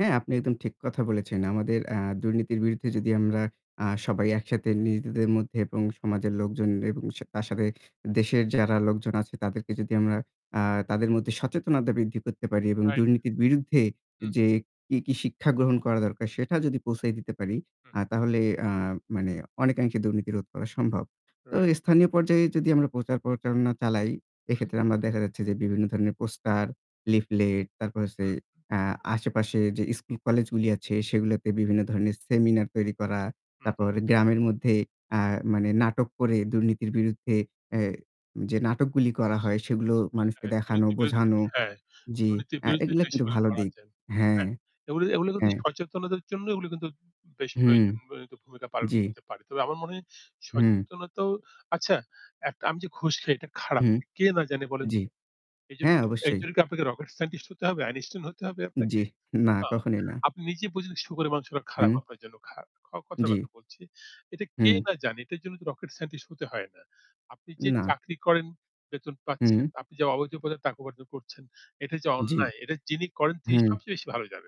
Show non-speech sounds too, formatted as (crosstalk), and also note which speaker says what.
Speaker 1: হ্যাঁ, আপনি একদম ঠিক কথা বলেছেন। আমাদের অ্যা দুর্নীতির বিরুদ্ধে যদি আমরা আ সবাই একসাথে নিজেদের মধ্যে এবং সমাজের লোকজন এবং সে তার সাথে দেশের যারা লোকজন আছে তাদেরকে যদি আমরা আ তাদের মধ্যে সচেতনতা বৃদ্ধি করতে পারি এবং
Speaker 2: রাইট।
Speaker 1: দুর্নীতির বিরুদ্ধে
Speaker 2: হুম।
Speaker 1: যে কি, কি শিক্ষা গ্রহণ করা দরকার সেটা যদি পৌঁছায় দিতে পারি
Speaker 2: হু।
Speaker 1: আ তাহলে আ মানে অনেকাংশে দুর্নীতি রোধ করা। সম্ভব। তো
Speaker 2: রাইট।
Speaker 1: স্থানীয় পর্যায়ে যদি আমরা প্রচার প্রচারনা চালাই,
Speaker 2: হু,
Speaker 1: এক্ষেত্রে
Speaker 2: হু।
Speaker 1: আমরা দেখা যাচ্ছে যে বিভিন্ন ধরনের পোস্টার, লিফলেট, তারপর হচ্ছে
Speaker 2: হুম।
Speaker 1: আ আশেপাশে যে স্কুল কলেজগুলি আছে সেগুলোতে বিভিন্ন ধরনের সেমিনার তৈরি করা।
Speaker 2: হু, হু।
Speaker 1: তারপর গ্রামের মধ্যে আ মানে নাটক করে দুর্নীতির বিরুদ্ধে এ্যা যে নাটকগুলো করা হয় সেগুলো
Speaker 2: আ
Speaker 1: মানুষকে
Speaker 2: আ
Speaker 1: দেখানো,
Speaker 2: দুর্নীতির বিরুদ্ধে,
Speaker 1: বোঝানো।
Speaker 2: হ্যাঁ
Speaker 1: জি
Speaker 2: দুর্নীতির
Speaker 1: আ
Speaker 2: বিরুদ্ধে
Speaker 1: এগুলো
Speaker 2: জিনিস
Speaker 1: কিন্তু
Speaker 2: গুলা
Speaker 1: ভালো
Speaker 2: করা
Speaker 1: দিক।
Speaker 2: যায়।
Speaker 1: হ্যাঁ।
Speaker 2: হ্যাঁ এগুলো এগুলো কিন্তু
Speaker 1: হ্যাঁ।
Speaker 2: সচেতনতার জন্য এগুলো কিন্তু বে বেশ
Speaker 1: হুম।
Speaker 2: প্রয়োজনীয় (unintelligible) ভূমিকা পালন
Speaker 1: জ্বি।
Speaker 2: করতে পারে। তবে আমার মনে হয়
Speaker 1: হুম।
Speaker 2: সচেতনতাও আচ্ছা, একটা আমি যে ঘুষ খাই এটা খারাপ।
Speaker 1: হুম।
Speaker 2: কে না জানে, বলেন।
Speaker 1: জ্বি।
Speaker 2: এইজন্য
Speaker 1: হ্যাঁ অবশ্যই।
Speaker 2: এইজন্য কি আপনাকে রকেট সায়েন্টিস্ট হতে হবে আইনস্টাইন হতে হবে
Speaker 1: জ্বি,
Speaker 2: আপনাকে?
Speaker 1: না,
Speaker 2: না
Speaker 1: কখনোই না।
Speaker 2: আপনি নিজে বুঝলেন শুকরের মাংসটা খারাপ
Speaker 1: হুম।
Speaker 2: আপনার জন্য খারাপ। ক কথার
Speaker 1: জ্বি।
Speaker 2: কথা বলছি। এটা কে
Speaker 1: হুম।
Speaker 2: না জানে এটার জন্য রকেট সায়েন্টিস্ট হতে হয় না। আপনি যে
Speaker 1: না।
Speaker 2: চাকরি করেন বেতন পাচ্ছেন,
Speaker 1: হুম।
Speaker 2: আপনি যা অবৈধ উপায়ে টাকা উপার্জন করছেন, এটা যে
Speaker 1: জ্বি।
Speaker 2: অন্যায় এটা যিনি করেন তিনি
Speaker 1: হুম।
Speaker 2: সবচেয়ে বেশি ভালো জানেন।